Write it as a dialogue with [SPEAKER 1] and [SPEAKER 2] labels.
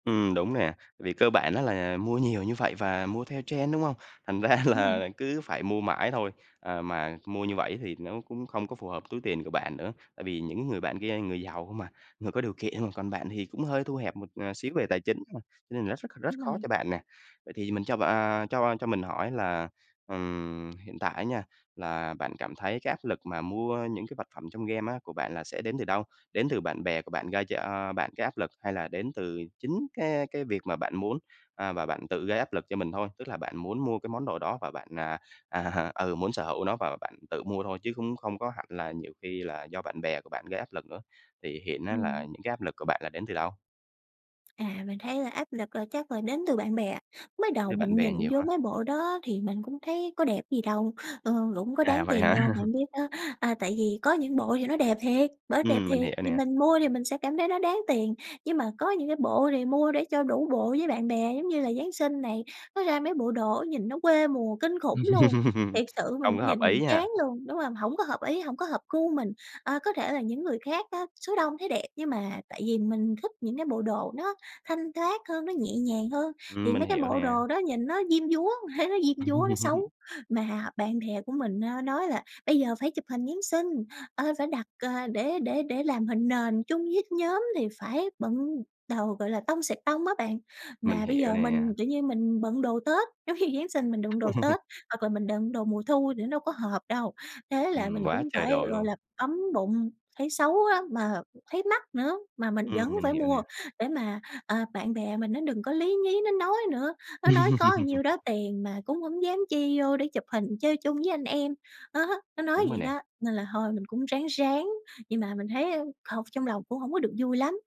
[SPEAKER 1] Ừm, đúng nè, vì cơ bản á là mua nhiều như vậy và mua theo trend, đúng không? Thành ra
[SPEAKER 2] Đúng rồi.
[SPEAKER 1] là cứ phải mua mãi thôi. À, mà mua như vậy thì nó cũng không có phù hợp túi tiền của bạn nữa, tại vì những người bạn kia người giàu không à, người có điều kiện, còn bạn thì cũng hơi thu hẹp một, ờ, xíu về tài chính, nên là nó rất rất
[SPEAKER 2] Đúng
[SPEAKER 1] khó
[SPEAKER 2] rồi.
[SPEAKER 1] cho bạn nè. Vậy thì mình cho b à, cho cho mình hỏi là, ừm, hiện tại á nha, là bạn cảm thấy cái áp lực mà mua những cái vật phẩm trong game á của bạn là sẽ đến từ đâu, đến từ bạn bè của bạn gây cho bạn cái áp lực hay là đến từ chính cái cái việc mà bạn muốn, à, và bạn tự gây áp lực cho mình thôi? Tức là bạn muốn mua cái món đồ đó và bạn, à, à, ừ, muốn sở hữu nó và bạn tự mua thôi chứ cũng không có hẳn là nhiều khi là do bạn bè của bạn gây áp lực nữa? Thì hiện á là
[SPEAKER 2] Ừm.
[SPEAKER 1] những cái áp lực của bạn là đến từ đâu?
[SPEAKER 2] À, mình thấy là áp lực là chắc là đến từ bạn bè. Mới
[SPEAKER 1] Đến
[SPEAKER 2] đầu
[SPEAKER 1] từ bạn
[SPEAKER 2] mình
[SPEAKER 1] bè
[SPEAKER 2] nhìn
[SPEAKER 1] nhiều
[SPEAKER 2] vô
[SPEAKER 1] ha.
[SPEAKER 2] mấy bộ đó thì mình cũng thấy có đẹp gì đâu, ờ, cũng có
[SPEAKER 1] À,
[SPEAKER 2] đáng
[SPEAKER 1] vậy
[SPEAKER 2] tiền
[SPEAKER 1] hả?
[SPEAKER 2] đâu. Bạn biết đó, à, tại vì có những bộ thì nó đẹp thiệt, bởi đẹp
[SPEAKER 1] Ừm, mình
[SPEAKER 2] thiệt,
[SPEAKER 1] hiểu
[SPEAKER 2] thì
[SPEAKER 1] nè.
[SPEAKER 2] mình mua thì mình sẽ cảm thấy nó đáng tiền, nhưng mà có những cái bộ thì mua để cho đủ bộ với bạn bè, giống như là Giáng sinh này, nó ra mấy bộ đồ nhìn nó quê mùa kinh khủng luôn! Thiệt sự
[SPEAKER 1] Không
[SPEAKER 2] mình
[SPEAKER 1] có hợp
[SPEAKER 2] nhìn mình
[SPEAKER 1] ý ha.
[SPEAKER 2] chán luôn, đúng hông? Hổng có hợp ý, hổng có hợp gu mình. Ờ, có thể là những người khác á, số đông thấy đẹp, nhưng mà tại vì mình thích những cái bộ đồ nó thanh thoát hơn, nó nhẹ nhàng hơn
[SPEAKER 1] Ừm,
[SPEAKER 2] thì
[SPEAKER 1] mình
[SPEAKER 2] mấy cái
[SPEAKER 1] hiểu
[SPEAKER 2] bộ
[SPEAKER 1] nè.
[SPEAKER 2] đồ đó nhìn nó diêm dúa, thấy nó diêm dúa, nó xấu. Mà bạn bè của mình á nói là bây giờ phải chụp hình Giáng sinh, ờ, phải đặt, ờ, để để để làm hình nền chung với nhóm thì phải bận đồ gọi là "tông xẹt tông" á bạn.
[SPEAKER 1] Mình
[SPEAKER 2] Mà bây
[SPEAKER 1] hiểu
[SPEAKER 2] giờ
[SPEAKER 1] nè.
[SPEAKER 2] mình, kiểu như, mình bận đồ Tết giống như Giáng sinh mình đựng đồ Tết hoặc là mình đựng đồ mùa thu thì nó đâu có hợp đâu. Thế là
[SPEAKER 1] Ừm,
[SPEAKER 2] mình
[SPEAKER 1] quá
[SPEAKER 2] cũng
[SPEAKER 1] trời
[SPEAKER 2] phải,
[SPEAKER 1] đồ
[SPEAKER 2] gọi
[SPEAKER 1] luôn!
[SPEAKER 2] là, bấm bụng, thấy xấu á, mà thấy mắc nữa mà mình vẫn
[SPEAKER 1] Ừm, mình
[SPEAKER 2] phải
[SPEAKER 1] hiểu nè.
[SPEAKER 2] mua để mà, à, bạn bè mình nó đừng có lí nhí nó nói nữa. Nó nói có nhiêu đó tiền mà cũng hổng dám chi vô để chụp hình chơi chung với anh em. Đó, nó nói
[SPEAKER 1] Đúng rồi
[SPEAKER 2] vậy
[SPEAKER 1] nè.
[SPEAKER 2] đó, nên là thôi mình cũng ráng ráng, nhưng mà mình thấy, a, không trong lòng cũng hổng có được vui lắm.